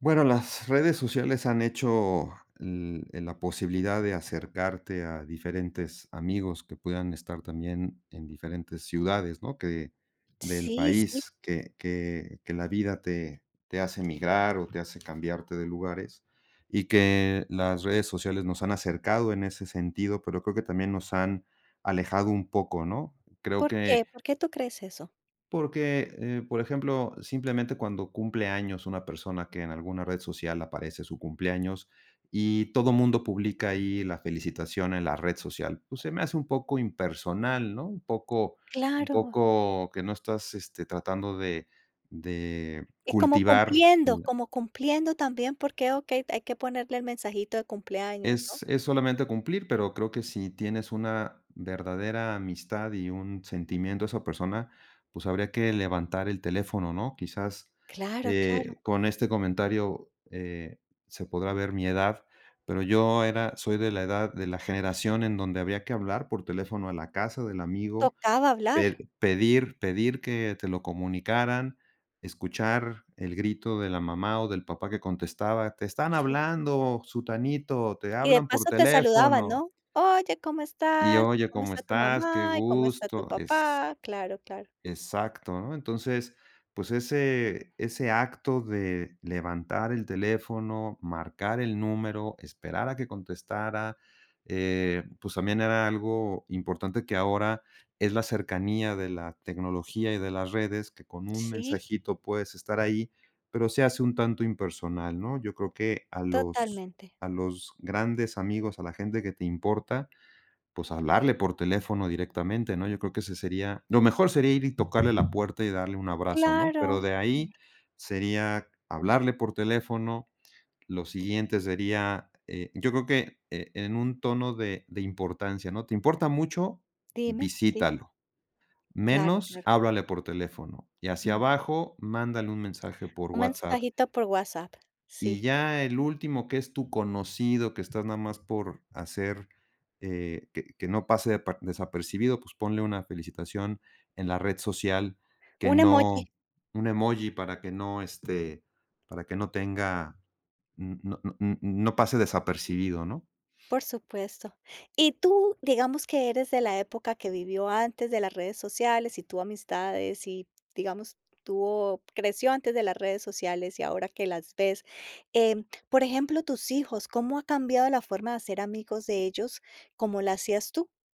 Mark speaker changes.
Speaker 1: Bueno, las redes sociales han hecho, en la posibilidad de acercarte a diferentes amigos que puedan estar también en diferentes ciudades, ¿no? Que del
Speaker 2: Sí, sí.
Speaker 1: país, que que que la vida te te hace migrar o te hace cambiarte de lugares y que las redes sociales nos han acercado en ese sentido, pero creo que también nos han alejado un poco, ¿no? Creo
Speaker 2: ¿Por qué?
Speaker 1: que
Speaker 2: ¿Por qué tú crees eso?
Speaker 1: Porque, eh, por ejemplo, simplemente cuando cumple años una persona que en alguna red social aparece su cumpleaños y todo mundo publica ahí la felicitación en la red social, pues, se me hace un poco impersonal, ¿no? Un poco un
Speaker 2: Claro.
Speaker 1: poco que no estás, este, tratando de de
Speaker 2: Y como
Speaker 1: cultivar,
Speaker 2: cumpliendo
Speaker 1: la
Speaker 2: como cumpliendo también, porque, okey, hay que ponerle el mensajito de cumpleaños, ¿no?
Speaker 1: Es es solamente cumplir, pero creo que si tienes una verdadera amistad y un sentimiento a esa persona, pues, habría que levantar el teléfono, ¿no? Quizás,
Speaker 2: Claro, claro.
Speaker 1: eh, con este comentario, eh, se podrá ver mi edad, pero yo era soy de la edad de la generación en donde había que hablar por teléfono a la casa del amigo,
Speaker 2: Tocaba
Speaker 1: pe
Speaker 2: hablar.
Speaker 1: pedir pedir que te lo comunicaran, escuchar el grito de la mamá o del papá que contestaba: "Te están
Speaker 2: Sí.
Speaker 1: hablando, Sutanito, te
Speaker 2: Y de
Speaker 1: hablan por
Speaker 2: paso te saludaban,
Speaker 1: teléfono"
Speaker 2: ¿no? Oye, ¿cómo
Speaker 1: Y
Speaker 2: estás? ¿Y
Speaker 1: oye,
Speaker 2: cómo
Speaker 1: ¿cómo
Speaker 2: está tu
Speaker 1: estás? Qué
Speaker 2: mamá y cómo está tu
Speaker 1: gusto, es
Speaker 2: papá? Claro, claro.
Speaker 1: Exacto, ¿no? Entonces, pues, ese ese acto de levantar el teléfono, marcar el número, esperar a que contestara, eh, pues, también era algo importante que ahora es la cercanía de la tecnología y de las redes, que con un
Speaker 2: Sí.
Speaker 1: mensajito puedes estar ahí, pero se hace un tanto impersonal, ¿no? Yo creo que a los
Speaker 2: Totalmente.
Speaker 1: a los grandes amigos, a la gente que te importa, pues, hablarle por teléfono directamente, ¿no? Yo creo que ese sería lo mejor sería ir y tocarle la puerta y darle un abrazo, ¿no? Pero
Speaker 2: Claro,
Speaker 1: de ahí
Speaker 2: claro.
Speaker 1: sería hablarle por teléfono, lo siguiente sería, eh, yo creo que en un tono de de importancia, ¿no? ¿Te importa mucho?
Speaker 2: Dime, sí.
Speaker 1: Visítalo,
Speaker 2: Claro,
Speaker 1: menos
Speaker 2: claro.
Speaker 1: háblale por teléfono y hacia
Speaker 2: Mm.
Speaker 1: abajo mándale un mensaje por
Speaker 2: Un
Speaker 1: WHATSAPP.
Speaker 2: mensajito por WHATSAPP,
Speaker 1: Y
Speaker 2: sí.
Speaker 1: ya el último que es tu conocido, que estás nada más por hacer, eh, que que no pase desa desapercibido, pues, ponle una felicitación en la red social, que
Speaker 2: Un
Speaker 1: no
Speaker 2: emoji.
Speaker 1: un emoji para que no, este, para que no tenga, n no n no pase desapercibido, ¿no?
Speaker 2: Por supuesto. Y tú, digamos que eres de la época que vivió antes de las redes sociales y tus amistades y, digamos, tuvo creció antes de las redes sociales y ahora que las ves, eh, por ejemplo, tus hijos, ¿cómo ha cambiado la forma de hacer amigos de ellos, como la hacías tú?